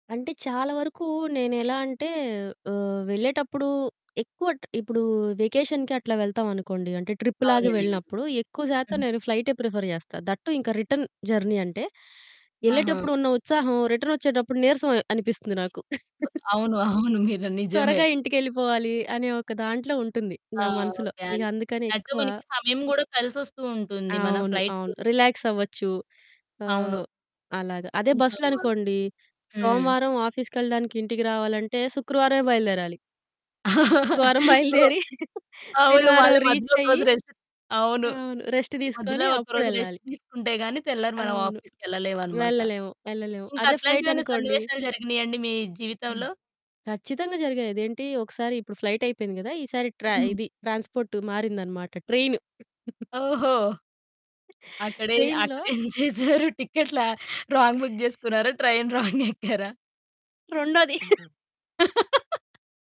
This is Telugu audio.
అంటే చాలా వరకు నేనెలా అంటే ఆహ్, వెళ్ళేటప్పుడు ఎక్కువ ట్ ఇప్పుడు వెకేషన్‌కి అట్లా వెళ్తాం అనుకోండి. అంటే ట్రిప్‌లాగా అవునండి. వెళ్ళినప్పుడు ఎక్కువ శాతం హుహు. నేను ఫ్లైటే ప్రిఫర్ చేస్తా. దట్ టూ ఇంకా రిటర్న్ జర్నీ అంటే ఆహా! ఎళ్ళేటప్పుడు ఉన్న ఉత్సాహం రిటర్న్ ఒచ్చేటప్పుడు నీరసం అ అనిపిస్తుంది నాకు. అవును. అవును. మీరు నిజమే. త్వరగా ఇంటికెళ్ళిపోవాలి అనే ఒక దాంట్లో ఉంటుంది ఆ! నా మనసులో. ఓకే ఇక అండి. అందుకని అంటే ఎక్కువ మనకి సమయం కూడా కలిసొస్తూ ఉంటుంది. మనం అవును. ఫ్లైట్‌కి అవును. ఎళ్తే. రిలాక్స్ అవ్వచ్చు. అవును. ఆహ్, అలాగ. అదే కొంచెం బస్సులో ఆహ్, అనుకోండి. హ్మ్. సోమవారం ఆఫీస్‌కెళ్ళడానికి ఇంటికి రావాలంటే శుక్రవారమే బయలుదేరాలి. శుక్రవారం బయలుదేరి అవును. శనివారం మళ్లీ రీచ్ మధ్యలో ఒక అయ్యి రోజు రెస్ట్ అవును. అవును. రెస్ట్ మధ్యలో తీసుకొని ఒక రోజు రెస్ట్ అప్పుడెళ్ళాలి. తీసుకుంటే గాని తెల్లారి మనం అవును. ఆఫీస్‌కి ఎళ్ళలేమన్నమాట. వెళ్ళలేము. ఎళ్ళలేము. ఇంకా అదే ఫ్లైట్ అట్లాంటివేవన్నా అనుకోండి సన్నివేశాలు జరిగినాయా అండి మీ హ్మ్. జీవితంలో? ఖచ్చితంగా జరిగాయి. అదేంటి ఒకసారి ఇప్పుడు ఫ్లైట్ అయిపోయింది కదా! ఈసారి ట్ర ఇది ట్రాన్స్‌పోర్ట్ మారిందన్నమాట ట్రైన్. ఓహో! అక్కడే, ట్రైన్‌లో అక్కడేం చేసారు? టికెట్‌లు రాంగ్ బుక్ చేసుకున్నారా? ట్రైన్ రాంగ్ ఎక్కారా? రొండోది.